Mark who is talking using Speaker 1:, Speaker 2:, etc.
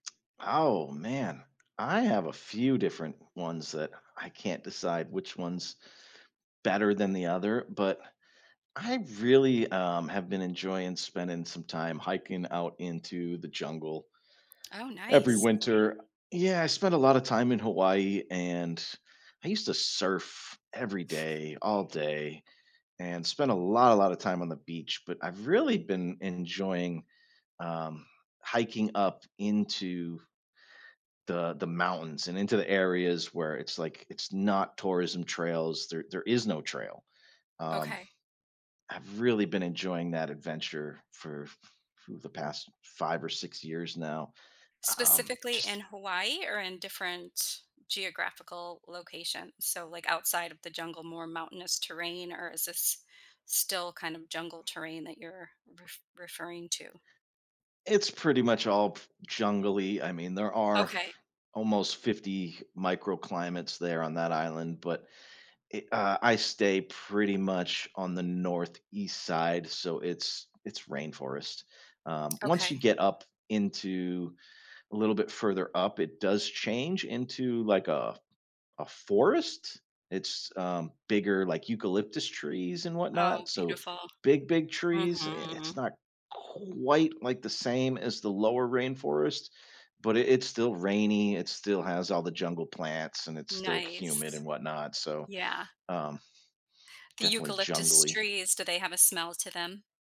Speaker 1: Oh man, I have a few different ones that I can't decide which one's better than the other, but I really, um, have been enjoying spending some time hiking out into the jungle.
Speaker 2: Oh,
Speaker 1: Every
Speaker 2: nice.
Speaker 1: winter yeah, I spent a lotta time in Hawaii and I used to surf every day, all day, and spend a lotta, lotta time on the beach, but I've really been enjoying, um, hiking up into the, the mountains and into the areas where it's like it's not tourism trails, there there is no trail. Um,
Speaker 2: Okay.
Speaker 1: I've really been enjoying that adventure for for the past 5 or 6 years now, um,
Speaker 2: Specifically in
Speaker 1: just
Speaker 2: Hawaii or in different geographical locations? So, like, outside of the jungle, more mountainous terrain, or is this still kind of jungle terrain that you're ref referring to?
Speaker 1: It's pretty much all p jungle-y, I mean there are f
Speaker 2: Okay.
Speaker 1: almost 50 microclimates there on that island, but it uh, I stay pretty much on the northeast side, so it's it's rainforest. Um, once
Speaker 2: Okay.
Speaker 1: you get up into a little bit further up, it does change into, like, a a forest it's, uh, bigger, like, eucalyptus trees and whatnot,
Speaker 2: Oh,
Speaker 1: so
Speaker 2: beautiful.
Speaker 1: big, big trees, i it's
Speaker 2: Mhm.
Speaker 1: not quite like the same as the lower rainforest, but i it's still rainy, it still has all the jungle plants and it's still humid
Speaker 2: Nice.
Speaker 1: and whatnot, so,
Speaker 2: Yeah.
Speaker 1: um,
Speaker 2: The
Speaker 1: definitely
Speaker 2: eucalyptus
Speaker 1: jungly.
Speaker 2: trees, do they have a smell to them?